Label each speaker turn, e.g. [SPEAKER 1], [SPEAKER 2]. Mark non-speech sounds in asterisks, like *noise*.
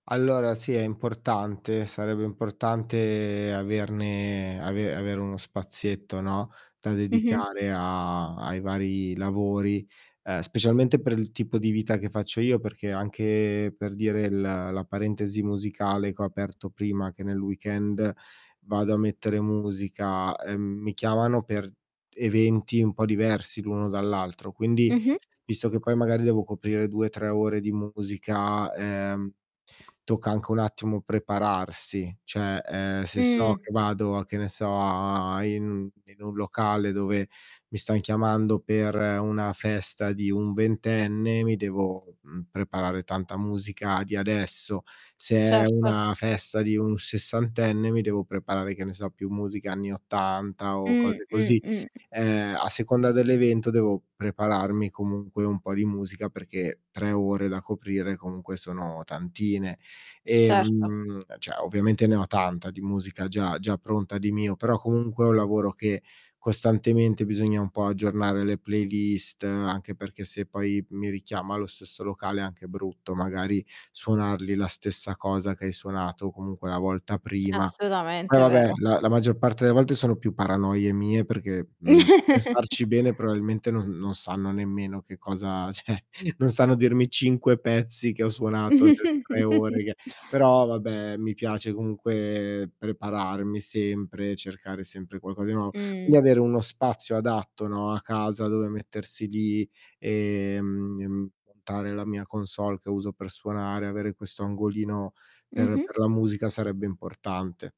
[SPEAKER 1] Allora sì, è importante, sarebbe importante averne ave avere uno spazietto, no, da
[SPEAKER 2] Mh-mh.
[SPEAKER 1] dedicare a ai vari lavori, ehm, specialmente per il tipo di vita che faccio io. Perché anche per dire, l la parentesi musicale che ho aperto prima che nel weekend vado a mettere musica, ehm, mi chiamano per eventi un po' diversi l'uno dall'altro, quindi
[SPEAKER 2] Mh-mh.
[SPEAKER 1] visto che poi magari devo coprire 2, 3 ore di musica, ehm, tocca anche un attimo prepararsi, cioè, ehm, se so
[SPEAKER 2] Mh.
[SPEAKER 1] che vado che ne so a a in in un locale dove mi stan chiamando per una festa di un ventenne, mi devo, mhmm, preparare tanta musica di adesso. Se è
[SPEAKER 2] Certo.
[SPEAKER 1] una festa di un sessantenne, mi devo preparare, che ne so, più musica anni 80 o
[SPEAKER 2] Mh,
[SPEAKER 1] cose
[SPEAKER 2] mh,
[SPEAKER 1] così.
[SPEAKER 2] mh.
[SPEAKER 1] Ehm, a seconda dell'evento devo prepararmi comunque un po' di musica, perché 3 ore da coprire comunque sono tantine.
[SPEAKER 2] Certo.
[SPEAKER 1] Ehm, cioè ovviamente ne ho tanta di musica già già pronta di mio, però, comunque è un lavoro che costantemente bisogna un po' aggiornare le playlist, anche perché se poi mi richiama lo stesso locale è anche brutto, magari suonargli la stessa cosa che hai suonato comunque la volta prima. Poi
[SPEAKER 2] Assolutamente, è
[SPEAKER 1] vabbè,
[SPEAKER 2] vero.
[SPEAKER 1] la la maggior parte delle volte sono più paranoie mie, perché, mhmm, a pensarci bene
[SPEAKER 2] *chuckles*
[SPEAKER 1] probabilmente non non sanno nemmeno che cosa, cioè, non sanno dirmi 5 pezzi che ho suonato per 3 ore,
[SPEAKER 2] *chuckles*
[SPEAKER 1] che però vabbè, mi piace comunque prepararmi sempre, cercare sempre qualcosa di nuovo. Quindi
[SPEAKER 2] Mh.
[SPEAKER 1] avere uno spazio adatto, no, a casa, dove mettersi lì, ehm, montare la mia console che uso per suonare, avere questo angolino per
[SPEAKER 2] Mh-mh.
[SPEAKER 1] per la musica sarebbe importante.